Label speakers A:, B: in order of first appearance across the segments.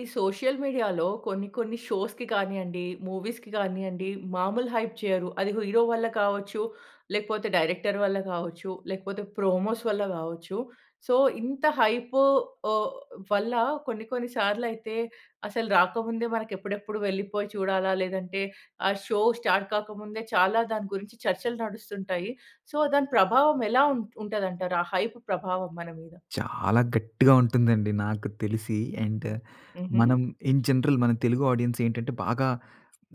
A: ఈ సోషల్ మీడియాలో కొన్ని, కొన్ని షోస్‌కి కానియండి, మూవీస్‌కి కానియండి, మాములు హైప్ చెయ్యరు. అది హీరో వల్ల కావచ్చు, లేకపోతే డైరెక్టర్ వల్ల కావచ్చు, లేకపోతే ప్రోమోస్ వల్ల కావచ్చు. సో ఇంత హైపు ఓహ్! వల్ల కొన్ని, కొన్ని సార్లు అయితే అసలు రాకముందే మనకి ఎప్పుడెప్పుడు వెళ్ళిపోయి చూడాలా? లేదంటే ఆ షో స్టార్ట్ కాకముందే చాలా దాని గురించి చర్చలు నడుస్తుంటాయి. సో దాని ప్రభావం ఎలా ఉం ఉంటదంటారు? ఆ హైప్ ప్రభావం మన మీద?
B: చాలా గట్టిగా ఉంటుందండి నాకు తెలిసి. అండ్
A: హుహు.
B: మనం ఇన్ జనరల్ మన తెలుగు ఆడియన్స్ ఏంటంటే బాగా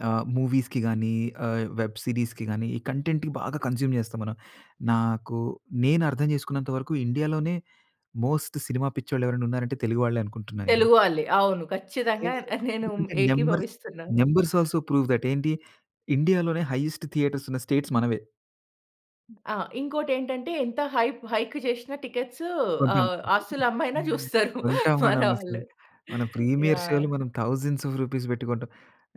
B: ఆ! మూవీస్‌కి గాని ఆ! వెబ్ సీరీస్‌కి గాని ఈ కంటెంట్‌కి బాగా కన్జ్యూమ్ చేస్తాం మనం. నాకు నేను అర్థం చేసుకున్నంత వరకు ఇండియాలోనే మోస్ట్ సినిమా పిచ్చోళ్ళు ఎవరైనా ఉన్నారంటే తెలుగు వాళ్ళే అనుకుంటున్నా నేను.
A: తెలుగు వాళ్ళే. అవును. ఖచ్చితంగా
B: [unintelligible]
A: ఆహ్, నేను
B: అంటే నంబర్స్
A: ఏకీభవిస్తున్నాను.
B: Numbers all‌ so, prove that ఏంటి ఇండియాలోనే హయ్యెస్ట్ థియేటర్స్ ఉన్న స్టేట్స్ మనవే.
A: ఆ ఇంకోటి ఏంటంటే ఎంత హైప్ హైక్ చేసిన టికెట్స్
B: కొంటాం.
A: ఆహ్, ఆస్తులు అమ్మి అయినా
B: హ్మ్.
A: చూస్తారు
B: కొంటాం..
A: మన వాళ్ళు.
B: [unintelligible] మనం ప్రీమియర్
A: యాహ్!
B: షోలు మనం థౌసండ్స్ ఆఫ్ రూపీస్ పెట్టి కొంటాం.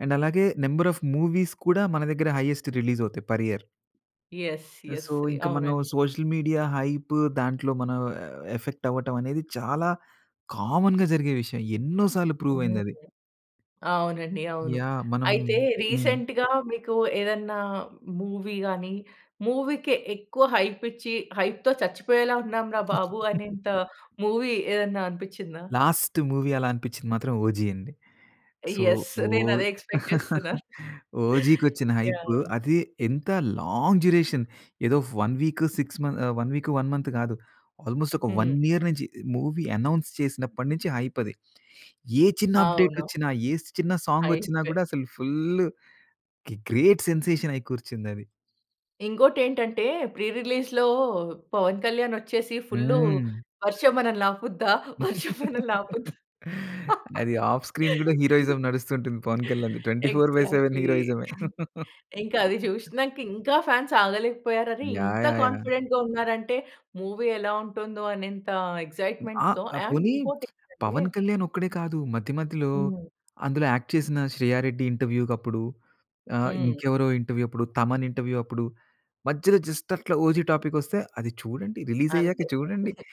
B: అండ్ అలాగే నంబర్ ఆఫ్ మూవీస్ కూడా, మన దగ్గర హయ్యేస్ట్ రిలీజ్ అవుతాయి per year.
A: Yes. Yes.
B: So
A: yeah!
B: ఇంకా మనం
A: అవునండి.
B: సోషల్ మీడియా హైపు దాంట్లో మనం యవ్ ఎఫెక్ట్ అవ్వటం అనేది చాలా కామన్‌గా జరిగే విషయం. ఎన్నో సార్లు ప్రూవ్ అయింది అది.
A: అవునండి, అవును.
B: యాహ్! మనం
A: అయితే
B: హ్మ్.
A: రీసెంట్‌గా మీకు ఏదన్నా మూవీ గాని, మూవీకి ఎక్కువ హైప్ ఇచ్చి హైప్‌తో చచ్చిపోయేలా ఉన్నాంరా బాబు, అనేంత మూవీ ఏదన్నా అనిపించిందా?
B: లాస్ట్ మూవీ అలా అనిపించింది మాత్రం ఓజి అండి. So
A: yes. నేను
B: ఓహ్!
A: అదే ఎక్స్‌‌పెక్ట్ చేస్తున్నాను.
B: ఓజికి వచ్చిన హైప్
A: యాహ్!
B: అది ఎంత లాంగ్ డ్యూరేషన్, ఏదో 1 వీక్, 6 మంత్ 1 వీక్, 1 మంత్ కాదు. ఆల్‌మోస్ట్ ఒక 1
A: హ్మ్.
B: ఇయర్ నుంచి మూవీ అనౌన్స్ చేసినప్పటి నుంచి హైప్ అది. ఏ చిన్న అప్‌డేట్
A: అవును.
B: వచ్చినా, ఏ చిన్న సాంగ్ వచ్చినా
A: హైప్
B: కూడా అసలు ఫుల్లు గె గ్రేట్ సెన్సేషన్ అయి కూర్చింది అది.
A: ఇంకోటి ఏంటంటే ప్రి రిలీజ్‌లో పవన్ కళ్యాణ్ వచ్చేసి ఫుల్లు,
B: హ్మ్!
A: "వర్షం మనల్ని ఆపుద్దా? వర్షం మనల్ని ఆపుద్దా?
B: అది ఆఫ్ స్క్రీన్ కూడా హీరోయిజం నడుస్తూ ఉంటుంది పవన్ కళ్యాణ్‌ది. 24/7
A: ఎగ్జాక్ట్‌లి!
B: హీరోయిజ‌మే.
A: ఇంకా అది చూసినాక ఇంకా ఫాన్స్ ఆగలేకపోయారు. "అరే
B: యాహ్!
A: ఇంత
B: యాహ్! యాహ్!
A: కాన్ఫిడెంట్‌గా ఉన్నారంటే మూవీ ఎలా ఉంటుందో అనేంత
B: అ
A: ఎక్సైట్మెంట్‌తో."
B: ఆ
A: అండ్
B: పోనీ
A: ఇంకోటి ఏంటంటే
B: పవన్ కళ్యాణ్ ఒక్కడే కాదు, మధ్య మధ్యలో
A: హ్మ్.
B: అందులో యాక్ట్ చేసిన శ్రేయ రెడ్డి ఇంటర్వ్యూకప్పుడు ఆహ్,
A: హ్మ్.
B: ఇంకెవరో ఇంటర్వ్యూ అప్పుడు, తమన్ ఇంటర్వ్యూ అప్పుడు మధ్యలో జస్ట్ అట్లా 'ఓజి' టాపికొస్తే, "అది చూడండి. రిలీజ్ అయ్యాక
A: అంతే.
B: చూడండి."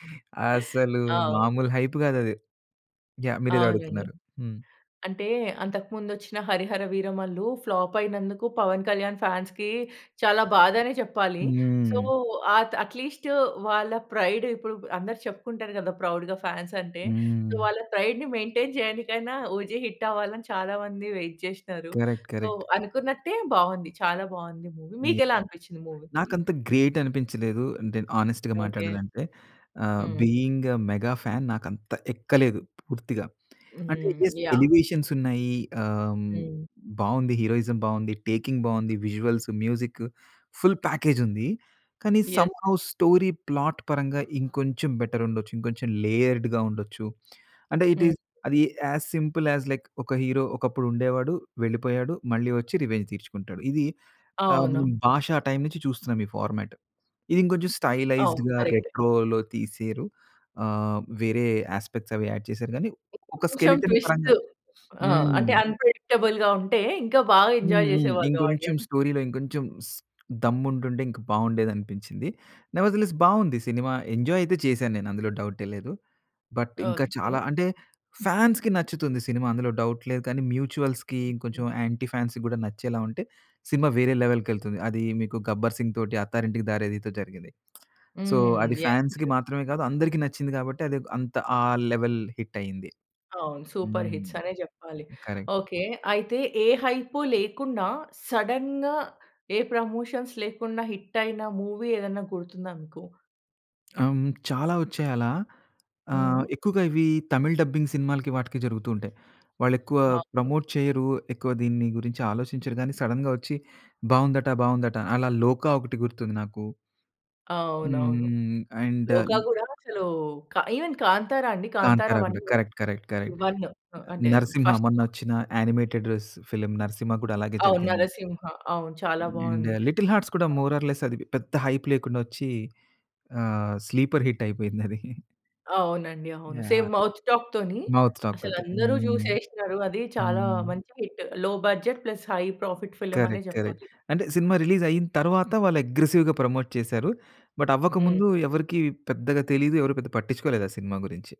B: అసలు
A: అవును.
B: మామూలు హైప్ కాదు అది. యాహ్! మీరు ఏదో
A: అవునండి.
B: అడుగుతున్నారు? హ్మ్.
A: అంటే అంతకు ముందు వచ్చిన 'హరిహర వీరమల్లు' ఫ్లాప్ అయినందుకు పవన్ కళ్యాణ్ ఫాన్స్‌కి చాలా బాధ అనే చెప్పాలి. సొ
B: హ్మ్.
A: ఆ‌త్ అట్లీస్టు వాళ్ళ ప్రైడు ఇప్పుడు‌పు అందరు చెప్పుకుంటారు కదా! ప్రౌడ్‌గా ఫాన్స్ అంటే.
B: హ్మ్.
A: వాళ్ళ ప్రైడ్‌ని మెయింటైన్ చేయనికైనా 'ఓజి' హిట్ అవ్వాలని చాలా మంది వైట్ చేశినారు.
B: కరెక్ట్.
A: So
B: correct.
A: అనుకున్నట్టే బావుంది చాలా బావుంది మూవీ. మీకు
B: యాహ్!
A: ఎలా అనిపించింది మూవీ?
B: నాకు అంత గ్రేట్ అనిపించలేదు అంటే హానెస్ట్‌గా
A: ఓకే.
B: మాట్లాడాలంటే ఆహ్,
A: హ్మ్.
B: బీయింగ్ ఏ మెగా ఫ్యాన్ నాకు అంత ఎక్కలేదు పూర్తిగా. అంటే
A: హ్మ్.
B: Yes,
A: yeah!
B: ఎలివేషన్స్ ఉన్నాయి ఆహ్,
A: హ్మ్.
B: బావుంది హీరోయిజం బాగుంది, టేకింగ్ బాగుంది, విజువల్‌‌సు, మ్యూజికు, ఫుల్ ప్యాకేజ్ ఉంది. కానీ
A: యెస్!
B: సమ్‌హో స్టోరీ ప్లాట్ పరంగా ఇంకొంచెం బెటర్ ఉండొచ్చు, ఇంకొంచెం లేయర్డ్‌గా ఉండొచ్చు అంటే
A: హ్మ్.
B: ఇటీస్ అది యాజ్ సింపుల్ యాజ్ లైక్, "ఒక హీరో ఒకప్పుడు ఉండేవాడు, వెళ్ళిపోయాడు, మళ్ళీ వచ్చి రివెంజ్ తీర్చుకుంటాడు." ఇది ఆహ్,
A: అవును.
B: 'భాషా' టైమ్ నుంచి చూస్తున్నాను ఈ ఫార్మాట్. ఇది ఇంకొంచెం
A: అవును.
B: స్టైలైజ్‌డ్‌గా,
A: కరెక్టే.
B: రెట్రో‌లో తీసేరు. ఆహ్, వేరే యాస్పెక్ట్‌స్ అవి యాడ్ చేసారు కానీ, ఒక
A: కొంచెం
B: స్కెలెటన్ పరంగా
A: ట్విస్టు. ఆ! అంటే
B: హ్మ్.
A: అన్‌ప్రెడిక్టబుల్ ఉంటే ఇంకా బాగా
B: హ్మ్.
A: ఎంజాయ్
B: హ్మ్.
A: చేసేవాళ్ళు
B: ఇంకొంచెం
A: ఆడియన్స్.
B: స్టోరీలో, ఇంకొంచెం స్ దమ్ము ఉంటుంటే ఇంకా బాగుండేది అనిపించింది. నెవర్‌ద్ లెస్ బాగుంది సినిమా. ఎంజాయ్ అయితే చేశాను నేను అందులో డౌటే లేదు. బట్ ఇంకా
A: ఓకే.
B: చాలా అంటే ఫాన్స్‌కి నచ్చుతుంది సినిమా అందులో డౌట్ లేదు. కానీ, మ్యూచుయల్స్‌కి, ఇంకొంచెం యాంటీ ఫాన్స్‌కి గూడా నచ్చేలా ఉంటే సినిమా వేరే లెవెల్‌కేళ్తుంది. అది మీకు 'గబ్బర్ సింగ్' తోటి, 'అత్తారింటికి దారేదితో' జరిగింది. సో
A: హ్మ్.
B: అది
A: యెస్.
B: ఫాన్స్‌కి
A: యెస్.
B: మాత్రమే కాదు, అందరికి నచ్చింది. కాబట్టి, అది‌ ఒక అంత ఆ లెవెల్ హిట్ అయింది.
A: అవును. సూపర్
B: హ్మ్.
A: హిట్స్ అనే చెప్పాలి.
B: కరెక్ట్.
A: ఓకే. అయితే ఏ హైపు లేకుండా సడెన్‌గా ఏ ప్రమోషన్స్ లేకుండా హిట్టయిన మూవీ ఏదైనా గుర్తుందా మీకు?
B: ఆహ్, హ్మ్, చాలా ఒచ్చాయి అలా ఆహ్,
A: హ్మ్.
B: ఎక్కువగా ఇవి తమిళ్ డబ్బింగ్ సినిమాలకి, వాటికి జరుగుతూ ఉంటాయి. వాళ్ళు ఎక్కువ
A: అవును.
B: ప్రమోట్ చెయ్యరు, ఎక్కువ దీని గురించి ఆలోచించరు కానీ, సడెన్‌గా వచ్చి, బాగుందట, బాగుందట అలా 'లోక' ఒకటి గుర్తుంది నాకు. హ్మ్,
A: అవునవును.
B: హ్మ్. అండ్
A: 'లోకా' కూడా అసలు క ఈవెన్ 'కాంతారా' అండి, 'కాంతారా
B: 'కాంతారా' కుడ
A: 1',
B: correct, correct, correct.
A: One ah, అంటే
B: 'నరసింహ'
A: ఫర్స్ట్ పార్ట్
B: మొన్నొచ్చిన యానిమేటెడ్ ర్స్ ఫిల్మ్ 'నరసింహ' కూడా అలాగే
A: అవును.
B: జరిగింది.
A: 'నరసింహ,' అవును. చాలా
B: అండ్
A: బాగుంది.
B: 'లిటిల్ హార్ట్స్' కూడా మోర్ ఆర్ లెస్ అది, పెద్ద హైప్ లేకుండొచ్చీ, ఆహ్, స్లీపర్ హిట్ అయిపోయింది అది.
A: అవునండి, అవును.
B: యాహ్!
A: సేమ్ మౌత్ టాక్‌ తోని,
B: మౌత్ టాక్
A: అసలు
B: తోటి.
A: అందరూ
B: హ్మ్.
A: చూసేశ్నరు అది చాలా
B: హ్మ్.
A: మంచి hit. Low budget, plus high profit film అనే
B: కరెక్ట్, కరెక్ట్.
A: చెప్పాలి.
B: అంటే సినిమా రిలీజ్ అయిన తరువాత, వాళ్ళు అగ్రెసివ్‌గా ప్రమోట్ చేసారు. బట్,
A: హ్మ్.
B: అవ్వకముందు ఎవరికీ పెద్దగా తెలియదు, ఎవరు పెద్దగా పట్టించుకోలేదు ఆ సినిమా గురించి.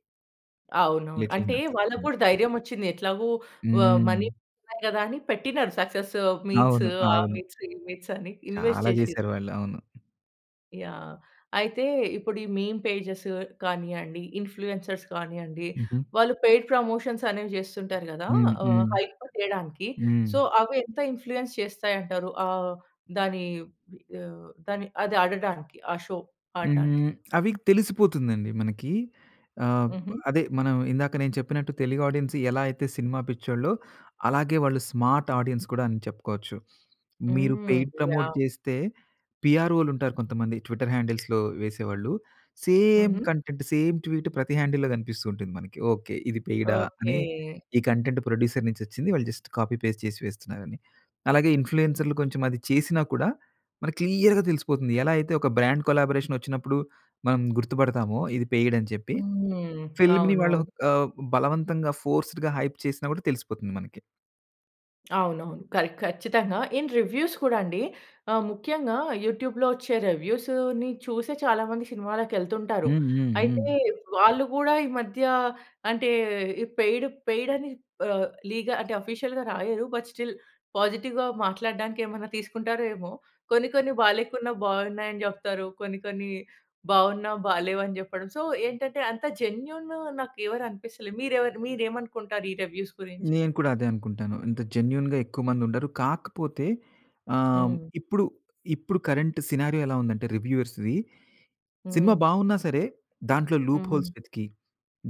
A: అవునవును.
B: 'లిటిల్
A: అంటే
B: హట్స్'.
A: వాళ్ళకి
B: హ్మ్.
A: కూడా ధైర్యం వచ్చింది. ఎట్లాగో వ మనీ
B: హ్మ్.
A: ఉన్నాయి కదా, అని పెట్టినారు. సక్సెస్ మీట్స్
B: అవును,
A: ఆ
B: అవును.
A: మీట్స్, ఈ మీట్స్ అని, ఇన్వెస్ట్
B: చాలా
A: చేశిన్రు.
B: చేసారు వాళ్ళు. అవును.
A: యాహ్! అయితే, ఇప్పుడు ఈ మీమ్ పేజెస్ కానియండి, ఇన్‌ఫ్లూయెన్సర్స్ కానియ్యండి,
B: హుహు.
A: వాళ్ళు పెయిడ్ ప్రమోషన్స్ అనేవి చేస్తుంటారు గదా.
B: హ్మ్,
A: ఆహ్,
B: హ్మ్.
A: హైప్ చేయడానికి.
B: హ్మ్.
A: సో, అవి ఎంత ఇన్‌ఫ్లూయెన్స్ చేస్తాయి అంటారు? ఆహ్, దాని ఆహ్, అది ఆడడానికి, ఆ షో, ఆడ్డానికి.
B: హ్మ్. అవి తెలిసిపోతుందండి మనకి. ఆహ్,
A: హుహు.
B: అదే మనం ఇందాక నేను చెప్పినట్టు తెలుగు ఆడియన్స్ ఎలా అయితే సినిమా పిచ్చోళో, అలాగే వాళ్ళు స్మార్ట్ ఆడియన్స్ కూడా అని చెప్పుకోవచ్చు. మీరు
A: హ్మ్.
B: Paid promote
A: yeah!
B: చేస్తే పిఆర్‌ఓలు ఉంటారు కొంతమంది. ట్విట్టర్ హ్యాండిల్స్‌లో వేసేవాళ్ళు. సేమ్
A: హుహు.
B: కంటెంట్, సేమ్ ట్వీట్ ప్రతి హ్యాండిల్‌లో కనిపిస్తూ ఉంటుంది మనకి. "ఓకె ఇది పెయిడా?" అని
A: ఓకె.
B: ఈ కంటెంట్ ప్రొడ్యూసర్ నుంచి వచ్చింది వాళ్ళు జస్ట్ కాపీ చేసి వేస్తున్నారని. అలాగే, ఇన్‌ఫ్లూయెన్సర్‌లు కొంచెం అది చేసినా కూడా మనకి క్లియర్‌గా తెలిసిపోతుంది. ఎలా అయితే, ఒక బ్రాండ్ కొలాబరేషన్ వచ్చినప్పుడు మనం గుర్తుపడతామో, ఇది పెయిడ్ అని చెప్పి.
A: హ్మ్.
B: ఫిల్మ్‌ని వాళ్ళు
A: అవునవును.
B: ఆహ్, బలవంతంగా ఫోర్స్‌డ్‌గా హైప్ చేసినా కూడా తెలిసిపోతుంది మనకి.
A: అవునవును. కరె ఖచ్చితంగా. ఇన్ రివ్యూస్ కూడా అండి, ఆ! ముఖ్యంగా యూట్యూబ్‌లో వచ్చే రెవ్యూస్‌ని చూసే చాలా మంది సినిమాలకి ఎళ్తుంటారు.
B: హ్మ్. హ్మ్.
A: అయితే
B: హ్మ్.
A: వాళ్ళు కూడా ఈ మధ్య అంటే, పెయిడ్ పెయిడ్ అని ఆహ్, లీగ అంటే, ఆఫీషియల్‌గా రాయరు. బట్ స్టిల్ పాజిటివ్‌గా మాట్లాడడానికి ఏమన్నా తీసుకుంటారో ఏమో. కొన్ని కొన్ని బాలేకున్నా బావున్నాయని చెప్తారు. కొన్ని కొన్ని బావున్నా బాలేవు అని జెప్పడం. సో ఏంటంటే అంత జెన్యూన్ నాకు ఎవరు అనిపిస్తలే. మీరెవర్ మీరేమనుకుంటారు ఈ రివ్యూస్ గురించి?
B: నేను కూడా అదే అనుకుంటాను. ఇంత జెన్యూన్‌గా ఎక్కువ మంది ఉండరు. కాకపోతే ఆహ్,
A: హ్మ్.
B: ఇప్పుడు ఇప్పుడు కరెంట్ సినారియో ఎలా ఉందంటే రివ్యూవర్స్‌వి, సినిమా
A: హ్మ్.
B: బావున్నా సరే దాంట్లో లూప్ హోల్స్
A: హుహు.
B: వెతికి,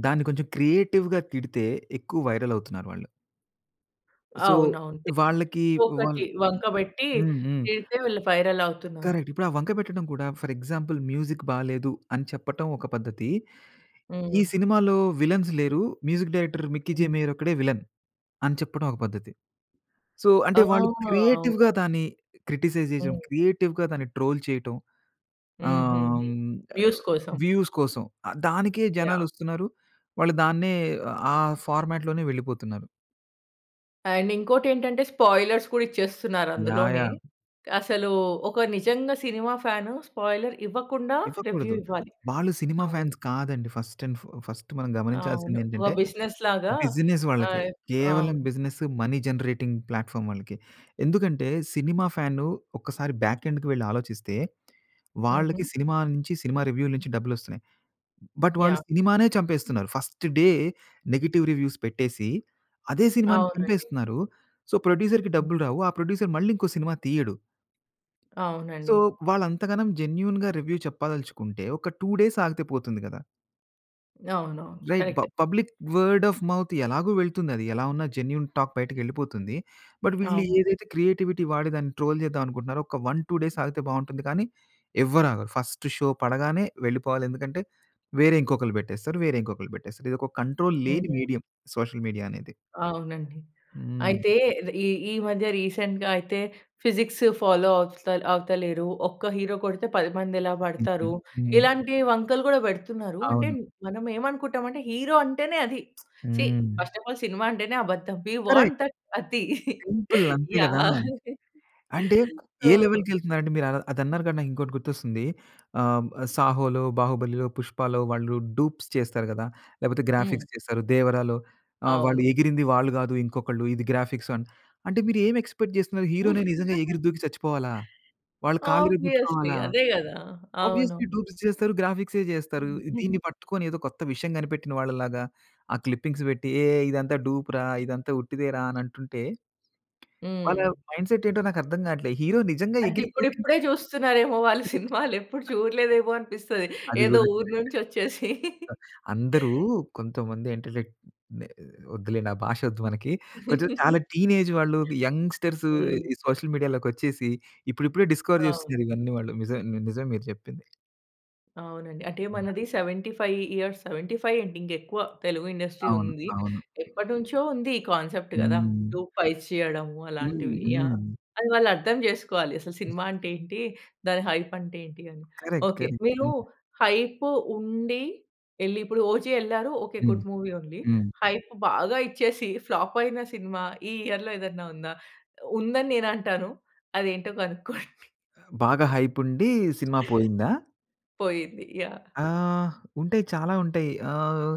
B: దాన్ని కొంచెం క్రియేటివ్‌గా తిడితే ఎక్కువ వైరల్ అవుతున్నారు వాళ్ళు. సో,
A: అవునవును. తిప్
B: వాళ్ళకి
A: దో
B: వాళ్ళు
A: ఒకటి వంక పెట్టి
B: హ్మ్. హ్మ్.
A: తిడితే వీళ్ళు వైరల్ అవుతున్నారు.
B: కరెక్ట్. ఇప్పుడు ఆ వంక పెట్టడం కూడా ఫర్ ఎగ్జాంపుల్ మ్యూజిక్ బాలేదు అని చెప్పటం ఒక పద్ధతి. ఈ
A: హ్మ్.
B: సినిమాలో విలన్స్ లేరు. మ్యూజిక్ డైరెక్టర్ మిక్కీ జే
A: హ్మ్.
B: మేయర్ ఒక్కడే విలన్ అని చెప్పడం ఒక పద్ధతి. సో
A: ఆ!
B: అంటే వాళ్ళు క్రియేటివ్‌గా
A: అవునవును.
B: దాన్ని క్రిటిసైజ్ జేసేయం,
A: హ్మ్.
B: క్రియేటివ్‌గా దాన్ని ట్రోల్ చేయటం. ఆహ్,
A: హుహుహు.
B: హ్మ్. ఏవ్
A: వ్యూస్ కోసం.
B: వ్యూస్ కోసం. ఆ దానికే జనాలు
A: యాహ్!
B: వస్తున్నారు. వాళ్ళు దాన్నే అ ఆ ఫార్మాట్‌లోనే వెళ్ళిపోతున్నారు.
A: అండ్ ఇంకోటి ఏంటంటే స్పాయిలర్స్ కూడా ఇచ్చేస్తున్నారు
B: యాహ్!
A: అందులోనే.
B: యాహ్!
A: అసలు, ఒక నిజంగా సినిమా ఫ్యాన్ స్పాయిలర్ ఇవ్వకుండా రివ్యూ
B: ఇవ్వకూడదు.
A: ఇవ్వాలి.
B: వాళ్ళు సినిమా
A: అవును.
B: ఫ్యాన్స్ కాదండి. ఫస్ట్ ఎండ్ ఫస్ట్ మనం గమనించాల్సింది
A: అవును.
B: ఏంటంటే,
A: ఓహ్! బిజినెస్ లాగా
B: బిజినెస్
A: ఆ!
B: వాళ్ళకి. కేవలం
A: అవును.
B: బిజినెస్, మనీ జనరేటింగ్ ప్లాట్‌ఫార్మ్ వాళ్ళకి, ఎందుకంటే సినిమా ఫ్యాను ఒకసారి బ్యాక్ ఎండ్‌కి ‌వెళ్లి ఆలోచిస్తే
A: ఉహూ.
B: వాళ్లకి సినిమా నుంచి, సినిమా రివ్యూల నుంచి డబ్బులు వస్తున్నాయి. బట్ వాళ్ళు
A: యాహ్!
B: సినిమానే చంపేస్తున్నారు. ఫస్ట్ డే నెగెటివ్ రివ్యూస్ పెట్టేసి అదే సినిమా‌ని
A: అవునండి.
B: చంపేస్తున్నారు. సో ప్రొడ్యూసర్‌కి డబ్బులు రావు. ఆ ప్రొడ్యూసర్ మళ్ళీ ఇంకో సినిమా తీయడు. సో
A: అవునండి.
B: వాళ్ళు అంతగనం జెన్యూన్‌గా రివ్యూ చెప్పదలుచుకుంటే ఒక 2 డేస్ ఆగితే పోతుంది కదా!
A: అవునవును.
B: రైట్ బ
A: కరక్టే.
B: పబ్లిక్ వర్డ్ ఆఫ్ మౌత్ ఎలాగు వెళ్తుంది. అది ఎలా ఉన్నా జెన్యూన్ టాక్ బయటకి వెళ్ళిపోతుంది. బట్ వీళ్ళు
A: అవును.
B: ఏదైతే క్రియేటివిటీ వాడి దాన్ని ట్రోల్ చేద్దాం అనుకుంటున్నారో ఒక 1, 2 డేస్ ఆగితే బాగుంటుంది. కానీ, ఎవ్వరు ఆగరు ఫస్ట్ షో పడగానే వెళ్ళిపోవాలి. ఎందుకంటే వేరే ఇంకొకళ్ళు పెట్టేస్తారు, వేరే ఇంకొకళ్ళు పెట్టేస్తారు. ఇది ఒక కంట్రోల్ లేని
A: హ్మ్.
B: మీడియం. సోషల్ మీడియా అనేది.
A: అవునండి.
B: హ్మ్.
A: అయితే రీ ఈ ఈ మధ్య రీసెంట్‌గా అయితే ఫిజిక్స్ ఫాలో ఆవుత అవుతలేరు. ఒక్క హీరో కొడితే 10 మంది ఎలా పడతారు.
B: హ్మ్.
A: ఇలాంటి వంకలు కూడా పెడుతున్నారు. అంటే
B: అవును.
A: మనం ఏమనుకుంటాం అంటే హీరో అంటేనే అది. సీ
B: హ్మ్.
A: ఫస్ట్ ఆఫ్ ఆల్ సినిమా అంటేనే అబద్ధం. We
B: correct.
A: వాంట్ దట్ అతి.
B: సింపుల్ అంతే కదా.
A: యాహ్!
B: అంటే
A: సో
B: ఏ లెవెల్‌కి వెళ్తున్నారు అంటే మీరు అది అన్నారు కానీ నాకు ఇంకోటి గుర్తొస్తుంది. ఆ! సాహో‌లో, బాహుబలిలో, పుష్పాలో వాళ్ళు డూప్స్ చేస్తారు కదా. లేకపోతే
A: హ్మ్.
B: గ్రాఫిక్స్ చేస్తారు. దేవరాలో ఆ! వాళ్ళు
A: అవును.
B: ఎగిరింది వాళ్ళు కాదు, ఇంకొకళ్ళు ఇది గ్రాఫిక్స్ అని అంటే మీరు ఏమి ఎక్సపెక్ట్ చేస్తున్నారు హీరో‌నే నిజంగా ఎగిరి దూకి చచ్చిపోవాలా? వాళ్ళు కాళ్ళు
A: ఆబ్వియస్లీ.
B: విరగొట్టు‌కోవాలా?
A: అదే కదా.
B: ఆబ్వియస్లీ
A: అవునవును.
B: డూప్స్ చేస్తరు గ్రాఫిక్సే చేస్తరు.
A: హుహు.
B: దీన్ని పట్టుకొని ఏదో కొత్త విషయం కనిపెట్టిన వాళ్ళలాగా ఆ క్లిప్పింగ్స్ పెట్టి ఏ ఇదంతా డూప్‌ రా! ఇదంతా ఉట్టిదే‌రా! అని అంటుంటే వాళ్ళ
A: హ్మ్.
B: మైండ్‌సెట్ ఏంటో నాకు అర్థం కాట్లే, హీరో నిజంగా
A: అంటే
B: ఎగిరి దూకి
A: ఇప్పుడిప్పుడే చూస్తున్నారేమో వాళ్ళ
B: కరెక్ట్.
A: సినిమాలు. ఎప్పుడు చూడలేదేమో అనిపిస్తది.
B: అది
A: ఏదో
B: కూడా కరక్టే.
A: ఊరు నుంచి వచ్చేసి.
B: అ అందరూ కొంతమంది ఇంటలెక్ట్ నె వద్దులెండి ఆ! భాష వద్దు మనకి. కొంచెం చాలా టీనేజ్ వాళ్ళు, యంగ్‌స్టర్స్
A: హ్మ్.
B: ఈ సోషల్ మీడియా లోకి వచ్చేసి ఇప్పుడిప్పుడే డిస్కవర్
A: అవును.
B: చేస్తున్నారు ఇవన్నీ వాళ్ళు. నిజం నిజం మీరు చెప్పింది.
A: అవునండి. అంటే మనది 75 ఇయర్స్, 75 ఏంటి ఇంకా ఎక్కువ తెలుగు ఇండస్ట్రీ
B: అవును.
A: ఉంది.
B: అవును.
A: ఎప్పటినుంచో ఉంది ఈ కాన్సెప్ట్ కదా!
B: హ్మ్!
A: డూప్ ఫైట్స్ చేయడం
B: హ్మ్.
A: అలాంటివి. యాహ్!
B: హ్మ్.
A: అది వాళ్ళర్థం చేసుకోవాలి, అసలు సినిమా అంటే ఏంటి? దాని హైప్ అంటే ఏంటి అని.
B: కరెక్ట్.
A: Okay,
B: correct.
A: మీరు
B: హుహు.
A: హైప్ ఉండి వెళ్లి ఇప్పుడు 'ఓజి' వెళ్లారు ఓకే,
B: హ్మ్.
A: గుడ్ మూవీ ఉంది.
B: హ్మ్.
A: హైప్ బాగా ఇచ్చేసి ఫ్లాప్ అయిన సినిమా ఈ ఇయర్‌లో ఏదైనా ఉందా? ఉందని నేను అంటాను. అది ఏంటో కనుక్కోండి?
B: బాగా హైప్ ఉండి సినిమా పోయిందా?
A: పోయింది. యాహ్!
B: ఆహ్ ఉంటాయి చాలా ఉంటాయి. ఆహ్,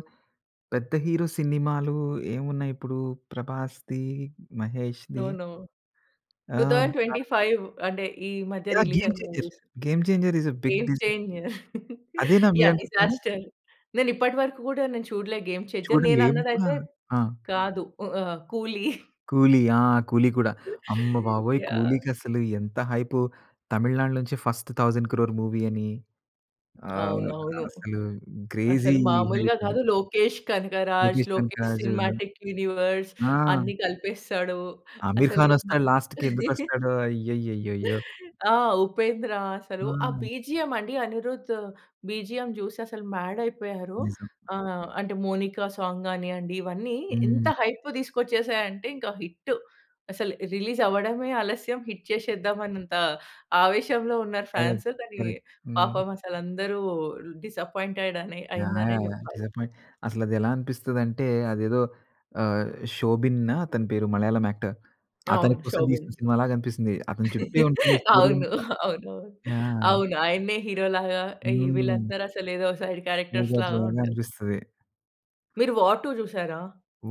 B: పెద్ద హీరో సినిమాలు ఏమున్నాయిప్పుడు ప్రభాస్‌ది,
A: నో.
B: మహేష్‌ది?
A: No. Two
B: ah!
A: Thousand twenty five అంటే ఈ మధ్య
B: యాహ్!
A: రిలీజ్
B: 'గేమ్
A: అయిన
B: Changer'.
A: Movies.
B: 'Game Changer' is a big
A: 'Game
B: డిజ
A: చేంజ‌ర్'
B: అదేనా
A: యాహ్!
B: మీరనుకుంది?
A: డిజాస్టర్ నేనిప్పటి వరకు కూడా నేను చూడలే 'గేమ్ చేంజ‌ర్' నేను
B: చూడలేము కూడా.
A: అన్నదయితే
B: ఆ!
A: కాదు, ఉ ఆహ్, ఆహ్, 'కూలి'.
B: 'కూలి' ఆ! 'కూలీ' కూడా. అమ్మబాబోయ్!
A: యాహ్!
B: 'కూలి'కి అసలు ఎంత హైప్. తమిళనాడు నుంచి ఫస్ట్ 10000000000 మూవీ అని. ఆహ్,
A: అవునవును.
B: అసలు క్రేజీ
A: అసలు
B: హైప్
A: మామూలుగా
B: అని.
A: కాదు లోకేష్ కనకరాజ్,
B: లోకేష్
A: లోకేష్
B: కనకరాజు.
A: సినిమాటిక్ యూనివర్స్
B: ఆ!
A: అన్ని కలిపేస్తాడు.
B: అమీర్
A: అసలు
B: ఖాన్
A: భ
B: వస్తాడు లాస్ట్‌కి ఎందుకు వస్తాడో! అయ్యయ్యయ్యయ్యో!
A: ఆ! ఉపేంద్ర అసలు ఆ
B: ఆ!
A: బీజీఎం అండి అనిరుద్ బీజీఎం చూసి అసలు మాడ్ అయిపోయారు.
B: నిజం.
A: ఆహ్, అంటే మౌనిక సాంగ్ గానివ్వండి, ఇవన్నీ ఎంత
B: హ్మ్.
A: హైప్ తీసుకొచ్చేసాయి అంటే ఇంకా హిట్. అసలు రిలీజ్ అవ్వడమే ఆలస్యం హిట్ చేసేద్దాం అన్నంత ఆవేశంలో ఉన్నారు
B: కరెక్ట్.
A: ఫాన్స్. కానీ,
B: కరెక్ట్. హ్మ్.
A: పాపం అసలు అందరూ డిసప్పాయింటెడ్ అని
B: యాహ్!
A: అయిందనే
B: యాహ్! యాహ్!
A: చెప్పాలి.
B: డిసప్పాయింట్. అసలది ఎలా అనిపిస్తదంటే అదేదో ఆహ్, శోబిన్ అతని పేరు మలయాళం యాక్టర్. అతని
A: అవును
B: కోసం
A: శోబిన్.
B: తీసిన సినిమాలాగా అనిపిస్తుంది. అతని చుట్టె ఉంటుంది స్టోరీ
A: అవును.
B: అంతా.
A: అవును. అవును.
B: యాహ్!
A: అవును. ఆయనే హీరోలాగా ఈ
B: హ్మ్.
A: వీళ్ళందరూ అసలు ఏదో సైడ్
B: [unintelligible]
A: క్యారెక్టర్స్‌లాగా
B: లాగా
A: ఉంటది.
B: అనిపిస్తది.
A: మీరు 'వార్ టూ' చూసారా?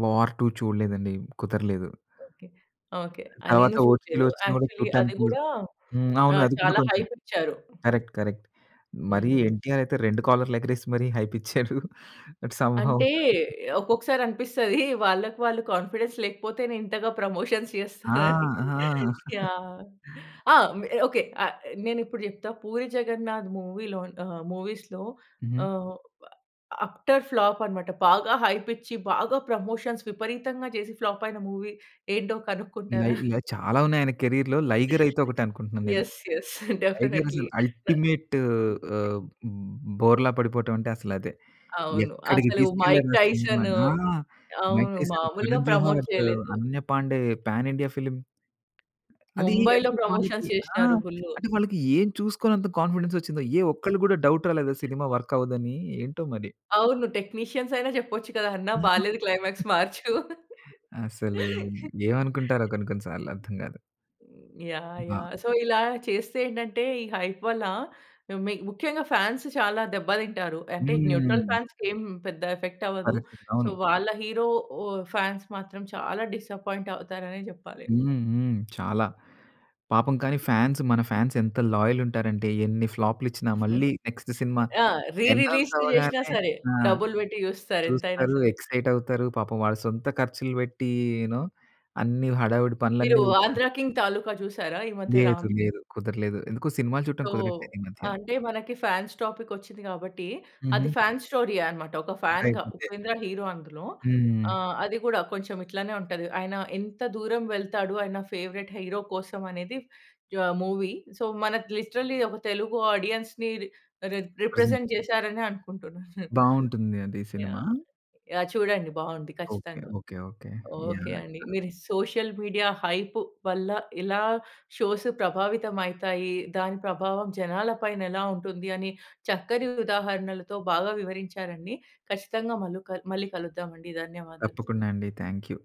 B: "వార్ టూ" చూడలేదండి. కుదరలేదు.
A: ఓకే. ఓకే. ఆ!
B: తర్వాత
A: నేను
B: ఓటీటీలో
A: చూడలేదు.
B: వచ్చిన కూడా
A: యాక్చువ‌ల్లీ అది
B: చూడటానికి
A: కూడా
B: హ్మ్. అవును
A: ఆహ్,
B: అది కూడా
A: చాలా
B: కొంచెం
A: హైప్ ఇచ్చారు.
B: కరెక్ట్. కరెక్ట్. మరి
A: హ్మ్.
B: ఎన్టీఆర్ అయితే 2 కాలర్ ఎగరేసి మరి హైప్ ఇచ్చాడు. బట్ సం హౌ
A: అంటే, ఒక్కొక్కసారి అనిపిస్తది వాళ్ళకి వాళ్ళు కాన్ఫిడెన్స్ లేకపోతేనే ఇంతగా ప్రమోషన్స్
B: ఆ!
A: చేస్తారని
B: ఆ!
A: యాహ్! ఆ! మె ఓకే. ఆహ్, నేనిప్పుడు చెప్తా పూరి జగన్నాథ్ మూవీ‌లో‌ ఆహ్ మూవీస్‌లో
B: హుహు.
A: ఆహ్ అప్టర్ ఫ్లాప్ అనమాట బాగా హైప్ ఇచ్చి బాగా ప్రమోషన్స్ విపరీతంగా చేసి ఫ్లాప్ అయిన మూవీ ఏంటో
B: ఇలా
A: కనుక్కుంటారా?
B: ఇలా చాలా ఉన్నాయి ఆయన కేరియర్‌లో 'లైగర్' అయితే ఒకటే అనుకుంటున్నాను నేను.
A: Yes, yes.
B: 'లైగర్'
A: డెఫినైట్‌లి.
B: అసలు
A: న్
B: అల్టిమేట్ ఆహ్, బోర్లా పడిపోవడం అంటే అసలు అదే.
A: అవును.
B: ఎక్కడికి
A: అసలు మైక్
B: తీసుకెళ్ళారు ఆ సినిమా‌ని.
A: టైసను
B: ఆ! మైక్
A: అవును.
B: టైసన్,
A: మాములుగా
B: కరణ్
A: ప్రమోట్
B: జోహార్,
A: చేయలేదు.
B: Ananya Pandey, pan India film. అది
A: ముంబై‌లో
B: అంటే వాళ్ళకి
A: ప్రమోషన్స్
B: ఆ!
A: చేసినారు ఫుల్లు.
B: అంటే వాళ్ళకి ఏమి చూసుకొని అంత కాన్ఫిడెన్స్ వచ్చిందో ఏ ఒక్కళ్ళు కూడా డౌట్ రాలేదా సినిమా వర్క్ అవ్వదు అని ఏంటో మరి.
A: అవును టెక్నీషియన్స్ అయినా చెప్పచ్చు కదా! "అన్నా!
B: ఆ!
A: బాలేదు క్లైమాక్స్ మార్చు".
B: అసలు ఏమనుకుంటారో కొన్ని కొన్ని సార్లు, అర్థం కాదు.
A: యాహ్!
B: బ
A: యాహ్! సో, ఇలా చేస్తే ఏంటంటే, ఈ హైప్ వల్ల మి ముఖ్యంగా ఫ్యాన్స్ చాలా దెబ్బ తింటారు. అంటే న్యూట్రల్
B: హ్మ్.
A: ఫాన్స్‌కి ఏం పెద్ద ఎఫెక్ట్ అవ్వదు.
B: అదే స్తితి
A: సో,
B: అవును.
A: వాళ్ళ హీరో ఓ ఫ్యాన్స్ మాత్రం చాలా డిసప్పాయింట్ అవుతారనే జెప్పాలి.
B: హ్మ్. హ్మ్. చాలా. పాపం కానీ ఫ్యాన్స్ మన ఫ్యాన్స్ ఎంత లాయల్ ఉంటారంటే, ఎన్ని ఫ్లాప్‌‌లు ఇచ్చినా మళ్ళీ నెక్స్ట్ సినిమా
A: ఆ! రీ
B: ఎనౌన్స్
A: రిలీజ్‌లు జేసినా
B: అవ్వగానే
A: సరే,
B: ఆ!
A: డబ్బులు బెట్టి జూస్తారు ఎంతైనా
B: చూస్తారు
A: సరే.
B: ఎక్సైట్ అవుతారు. పాపం వాళ్ళ సొంత ఖర్చులు బెట్టి యూ నో అన్నీ హడావిడి
A: మీరు
B: పనులన్నీ
A: ఆంధ్ర కింగ్ తాలూకా చూసారా ఈ మధ్య
B: లేదు
A: రామ్
B: లేదు. కుదర్లేదు. ఎందుకో సినిమాలు చూడటం
A: సో,
B: కుదరట్లేదు ఈ
A: ఆహ్,
B: మధ్య.
A: అంటే మనకి ఫ్యాన్స్ టాపిక్ వచ్చింది గాబట్టి, అది
B: హుహు.
A: ఫ్యాన్స్ స్టోరీ ఏ అనమాట. ఒక ఫ్యాన్‌‌‌గా
B: [unintelligible]
A: ఉపేంద్ర హీరో అందులో.
B: హ్మ్.
A: ఆ! అది గూడా కొంచెం ఇట్లనే ఉంటది. ఆయన ఎంత దూరం వెళ్తాడు ఆయన ఫేవరైట్ హీరో కోసం అనేది యాహ్! మూవీ. సో, మనకు లిటరల్లీ ఒక తెలుగు ఆడియన్స్‌ని రి రి
B: ప్రజెంట్
A: రిప్రజెంట్ జేసారనే అనుకుంటున్నాను.
B: బాగుంటుంది అది సినిమా.
A: యాహ్! యాహ్! చూడండి బాగుంది
B: ఓకే.
A: ఖచ్చితంగా.
B: ఓకే. ఓకే.
A: Okay
B: yeah!
A: అండి.
B: యాహ్!
A: మీరు సోషల్ మీడియా హైప్ వల్ల. ఇలా షోస్ ప్రభావితం అయితాయి. దాని ప్రభావం జనాల పైన ఎలా ఉంటుంది అని చక్కని ఉదాహరణలతో బాగా వివరించారండి. ఖచ్చితంగా మల్లు కల్ మళ్ళీ కలుద్దాం అండి. ధన్యవాదాలు.
B: తప్పకుండా అండి థ్యాంక్‌ యూ.